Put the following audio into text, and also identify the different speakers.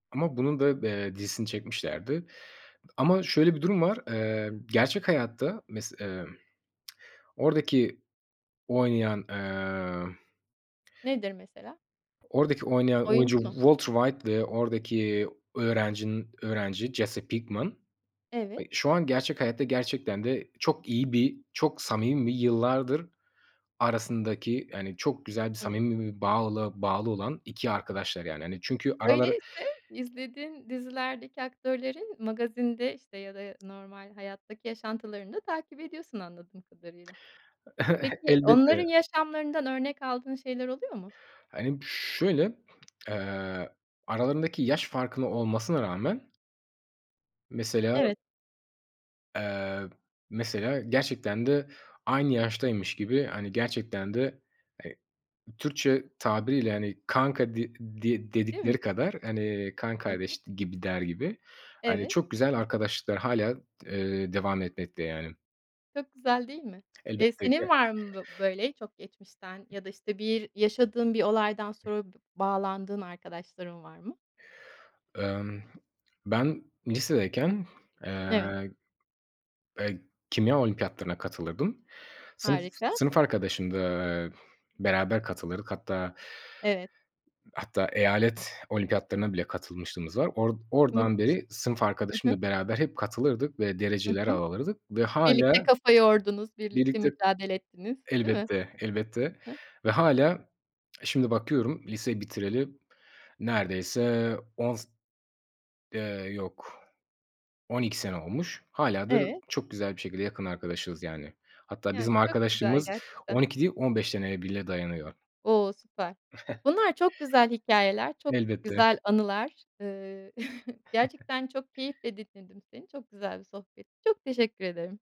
Speaker 1: Ama bunun da, eee, dizisini çekmişlerdi. Ama şöyle bir durum var, emm, gerçek hayatta mes eee, oradaki oynayan emm
Speaker 2: Nedir mesela?
Speaker 1: oradaki oynayan
Speaker 2: Oyuncu
Speaker 1: oyuncu
Speaker 2: mu?
Speaker 1: Walter White ve oradaki öğrencinin, öğrenci Jesse Pinkman,
Speaker 2: Evet.
Speaker 1: ay, şu an gerçek hayatta gerçekten de çok iyi bir, çok samimi ve yıllardır arasındaki, yani, çok güzel bir
Speaker 2: Hımm.
Speaker 1: samimi bağlı bağlı olan 2 arkadaşlar yani. Hani, çünkü araları
Speaker 2: Öyleyse, izlediğin dizilerdeki aktörlerin magazinde, işte, ya da, ya, normal hayattaki yaşantılarını da takip ediyorsun anladığım kadarıyla. Peki, onların
Speaker 1: Elbette.
Speaker 2: yaşamlarından örnek aldığın şeyler oluyor mu?
Speaker 1: Hani, şöyle, eee, aralarındaki yaş farkılı olmasına rağmen mesela.
Speaker 2: Evet.
Speaker 1: Eee, mesela, gerçekten de aynı yaştaymış gibi, hani, gerçekten de, eee, Türkçe tabiriyle, hani, kanka de de
Speaker 2: Değil mi?
Speaker 1: dedikleri kadar, hani, kan
Speaker 2: Hı hı.
Speaker 1: kardeş gibi, der gibi, hani,
Speaker 2: Evet.
Speaker 1: çok güzel arkadaşlıklar hâlâ, eee, devam etmekte, yani.
Speaker 2: Çok güzel değil mi? Eee,
Speaker 1: Elbete ge
Speaker 2: senin var mı böyle çok geçmişten? Ya da, işte, bir yaşadığın bir olaydan sonra b bağlandığın arkadaşların var mı?
Speaker 1: Emm, ben lisedeyken eee,
Speaker 2: Evet.
Speaker 1: eee, kimya olimpiyatlarına katılırdım. Sınıf
Speaker 2: Harika.
Speaker 1: sınıf arkadaşım da, eee, beraber katılırdık. Hatta
Speaker 2: Evet.
Speaker 1: hatta, eyalet olimpiyatlarına bile katılmışlığımız var. Or oradan
Speaker 2: Müthiş.
Speaker 1: beri sınıf
Speaker 2: Hı hı.
Speaker 1: arkadaşımla beraber hep katılırdık ve
Speaker 2: Hı
Speaker 1: dereceler
Speaker 2: hı.
Speaker 1: alırdık ve hâlâ
Speaker 2: Birlikte kafa yordunuz, birlikte
Speaker 1: Birlikte,
Speaker 2: mücadele ettiniz değil mi?
Speaker 1: elbette, elbette,
Speaker 2: Hı.
Speaker 1: ve, hâlâ, eee, şimdi bakıyorum, lise bitireli neredeyse 10 s eee, yok, 12 sene olmuş. Hâlâ da, r
Speaker 2: Evet.
Speaker 1: çok güzel bir şekilde yakın arkadaşız, yani. Hatta, bizim
Speaker 2: Yani, çok güzel
Speaker 1: arkadaşlığımız on
Speaker 2: gerçekten.
Speaker 1: iki değil, 15 seneye bile dayanıyor.
Speaker 2: O! Süper. Bunlar çok güzel hikâyeler, çok
Speaker 1: Elbette.
Speaker 2: güzel anılar. Iıı, gerçekten çok keyifle dinledim seni. Çok güzel bir sohbetti. Çok teşekkür ederim.